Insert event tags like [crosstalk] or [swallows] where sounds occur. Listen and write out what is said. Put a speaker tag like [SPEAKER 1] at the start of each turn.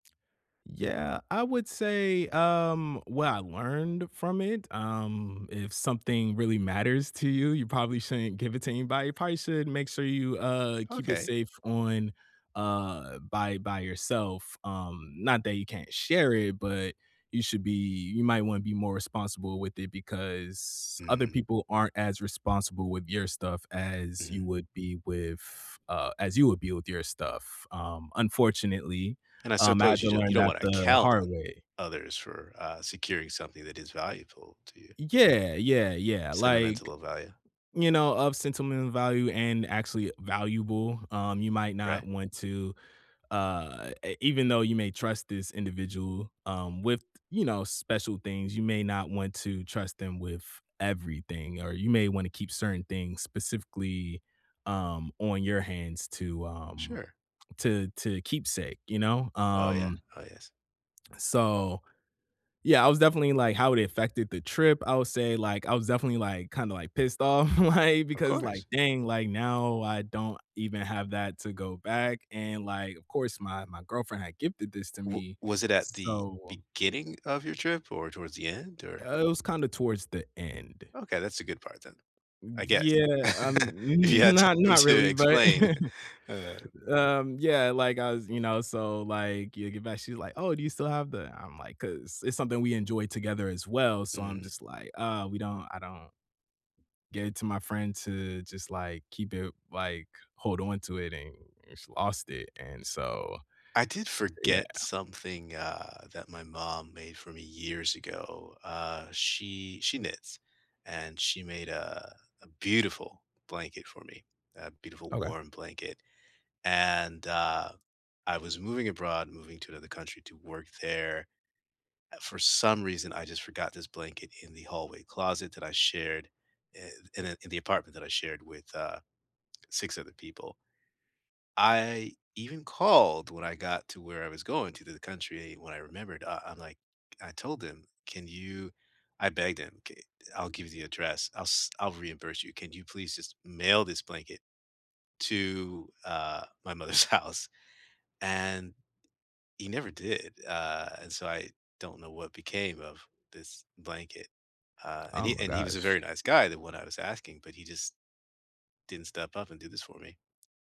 [SPEAKER 1] Yeah, I would say, um, what I learned from it, um, if something really matters to you, you probably shouldn't give it to anybody. You probably should make sure you, uh, keep it
[SPEAKER 2] Okay.
[SPEAKER 1] safe on, uh by by yourself, um, not that you can't share it, but you should be you might wanna be more responsible with it because other
[SPEAKER 2] Mhm.
[SPEAKER 1] people aren't as responsible with your stuff as you
[SPEAKER 2] Mhm.
[SPEAKER 1] would be with uh, as you would be with your stuff, um, unfortunately,
[SPEAKER 2] And I
[SPEAKER 1] um, I had
[SPEAKER 2] suppose
[SPEAKER 1] to
[SPEAKER 2] you don't
[SPEAKER 1] learn
[SPEAKER 2] you don't
[SPEAKER 1] that
[SPEAKER 2] wanna
[SPEAKER 1] the
[SPEAKER 2] count
[SPEAKER 1] hard
[SPEAKER 2] on
[SPEAKER 1] way.
[SPEAKER 2] others for, uh, securing something that is valuable to you.
[SPEAKER 1] Yeah, yeah, yeah.
[SPEAKER 2] Sentimental
[SPEAKER 1] Like,
[SPEAKER 2] of value.
[SPEAKER 1] you know, of sentimental value and actually valuable, um, you might
[SPEAKER 2] Right?
[SPEAKER 1] not want to, uh, e even though you may trust this individual, um, with, you know, special things, you may not want to trust them with everything, or you may want to keep certain things specifically, um, on your hands to, um,
[SPEAKER 2] Sure.
[SPEAKER 1] to to keepsake, you know?
[SPEAKER 2] Oh, yeah.
[SPEAKER 1] Um
[SPEAKER 2] Oh, yes.
[SPEAKER 1] [swallows] So, yeah, I was definitely, like, how it affected the trip, I would say, like, I was definitely, like, kinda, like, pissed off, like,
[SPEAKER 2] Of
[SPEAKER 1] because,
[SPEAKER 2] course.
[SPEAKER 1] like, dang. Like, now I don't even have that to go back. And, like, of course, my my girlfriend had gifted this to
[SPEAKER 2] W
[SPEAKER 1] me.
[SPEAKER 2] was it at the
[SPEAKER 1] So
[SPEAKER 2] beginning of your trip or towards the end? Or
[SPEAKER 1] Uh, it was kinda towards the end.
[SPEAKER 2] Okay, that's a good part then, I guess,
[SPEAKER 1] Yeah, um,
[SPEAKER 2] [laughs] if you had time
[SPEAKER 1] not
[SPEAKER 2] to
[SPEAKER 1] really, but
[SPEAKER 2] explain.
[SPEAKER 1] [laughs] Um, yeah, like, I was you know, so, like, yeah get back, she's like, "Oh, do you still have the" I'm like 'cause it's something we enjoy together as well. So, I'm just like, "Uh, we don't I don't gave it to my friend to just, like, keep it like, hold on to it and just lost it." And so
[SPEAKER 2] I did
[SPEAKER 1] yeah.
[SPEAKER 2] forget something, uh, that my mom made for me years ago, uh, she she knits, and she made a a beautiful blanket for me, a beautiful
[SPEAKER 1] Okay.
[SPEAKER 2] warm blanket, and, uh, I was moving abroad, moving to another country to work there, for some reason, I just forgot this blanket in the hallway closet that I shared in the in the apartment that I shared with, uh, 6 other people I even called when I got to where I was going to the country. When I remembered, uh, I'm, like, I told them, "Can you" I begged him. "Ca I'll give you the address. I'll s I'll reimburse you. Can you please just mail this blanket to, uh, my mother's house?" and he never did. Uh, and so I don't know what became of this blanket, uh, and
[SPEAKER 1] Oh
[SPEAKER 2] he
[SPEAKER 1] my
[SPEAKER 2] and he was a
[SPEAKER 1] gosh.
[SPEAKER 2] very nice guy, the one I was asking, but he just didn't step up and do this for me.